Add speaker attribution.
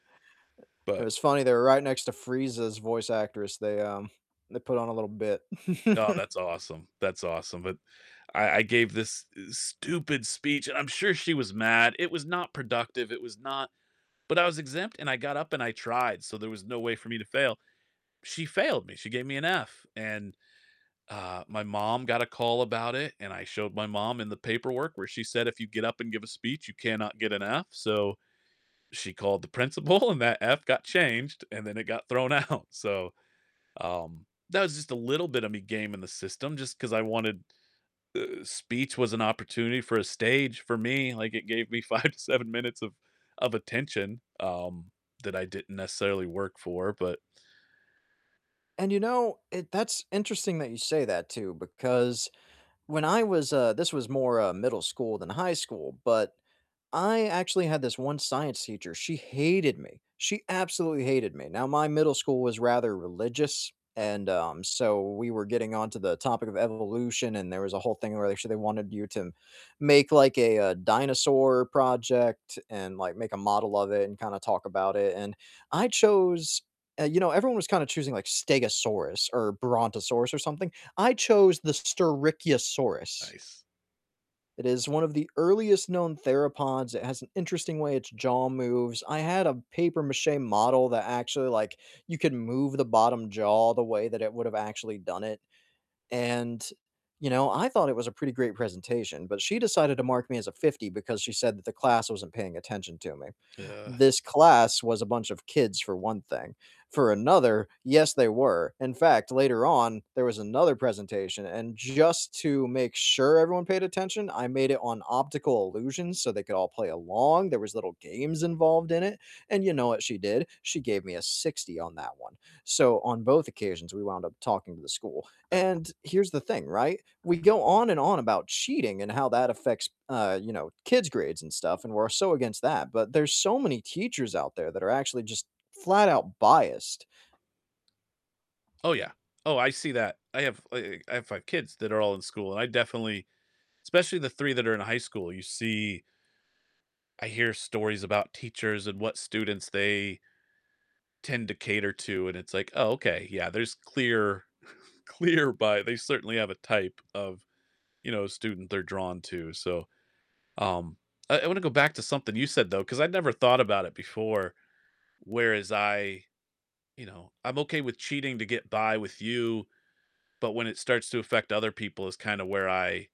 Speaker 1: Eh, it
Speaker 2: But
Speaker 1: was funny, they were right next to Frieza's voice actress, they, um they put on a little bit.
Speaker 2: Oh, that's awesome, that's awesome, but I I gave this, uh, stupid speech, and I'm sure she was mad, it was not productive; it was not but I was exempt, and I got up and I tried, so, there was no way for me to fail. She failed me, she gave me an F, and, uh, my mom got a call about it, and I showed my mom in the paperwork where she said if you get up and give a speech you cannot get an F so, she called the principal, and that F got changed, and then it got thrown out so, um, that was just a little bit of me gaming the system, just 'cause I wanted uh, speech was an opportunity for a stage for me, like, it gave me 5 to 7 minutes of of attention, um, that I didn't necessarily work for, but
Speaker 1: And you know, it that's interesting that you say that too because when I was, uh this was more, uh, middle school than high school, but I actually had this one science teacher, she hated me, she absolutely hated me, now, my middle school was rather religious
Speaker 2: Ah
Speaker 1: and, um, so, we were getting onto the topic of evolution and there was a whole thing where they actually wanted you to make like a, uh, dinosaur project and, like, make a model of it and kinda talk about it, and I chose uh, you know, everyone was kinda choosing like Stegosaurus or Brontosaurus or something, I chose the Styracosaurus.
Speaker 2: Nice.
Speaker 1: It is one of the earliest known theropods, it has an interesting way its jaw moves, I had a papier-mâché model that actually, like you could move the bottom jaw the way that it would've actually done it, and, you know, I thought it was a pretty great presentation, but she decided to mark me as a 50 because she said that the class wasn't paying attention to me.
Speaker 2: Yeah.
Speaker 1: This class was a bunch of kids for one thing, for another yes, they were, in fact, later on there was another presentation and just to make sure everyone paid attention, I made it on optical illusions so they could all play along, there was little games involved in it, and you know what she did? She gave me a 60 on that one. So, on both occasions we wound up talking to the school,
Speaker 2: Uh
Speaker 1: and here's the thing, right? We go on and on about cheating and how that affects, uh, you know, kids' grades and stuff, and we're so against that, but there's so many teachers out there that are actually just flat out biased.
Speaker 2: Oh, yeah, oh, I see that, I have, uh I have 5 kids that are all in school, and I definitely especially the 3 that are in high school, you see I hear stories about teachers and what students they tend to cater to, and it's like, "Oh, okay, yeah, there's clear clear bi" they certainly have a type of, you know, student they're drawn to, so, um, I I wanna go back to something you said though, 'cause I'd never thought about it before, whereas I you know, I'm okay with cheating to get by with you, but when it starts to affect other people is kinda where I